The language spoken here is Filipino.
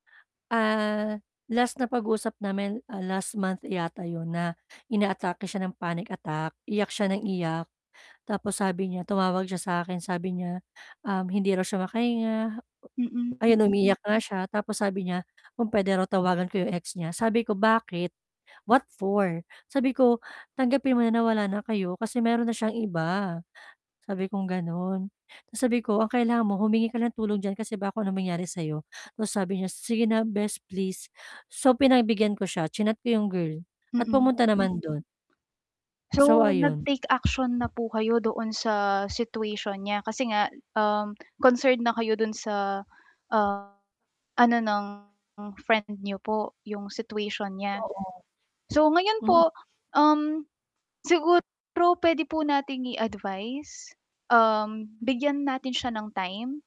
Ah, last na pag-usap namin, ah, last month yata 'yon na inaatake siya ng panic attack, iyak siya nang iyak. Tapos sabi niya, tumawag siya sa akin, sabi niya, um, hindi raw siya makahinga. Mm. Ayun, umiiyak nga siya tapos sabi niya kung puwede raw tawagan ko 'yong ex niya, sabi ko, "Bakit? What for?" Sabi ko, "Tanggapin mo na na wala na kayo kasi mayro'n na siyang iba." Sabi kong gano'n. 'Tas sabi ko, "Ang kailangan mo humingi ka ng tulong diyan kasi baka kung anong mangyari sa'yo." 'Tas sabi niya, "Sige na, bes, please." So, pinagbigyan ko siya, chinat ko 'yong girl at Mm. pumunta naman do'n. So, So, ayon. nag-take action na po kayo doon sa situation niya, kasi nga, um, concerned na kayo do'n sa, ah, ano ng friend niyo po, 'yong situation niya? Oo, So, ngayon mm. po, um, siguro puwede po nating i-advice, um, bigyan natin siya ng time.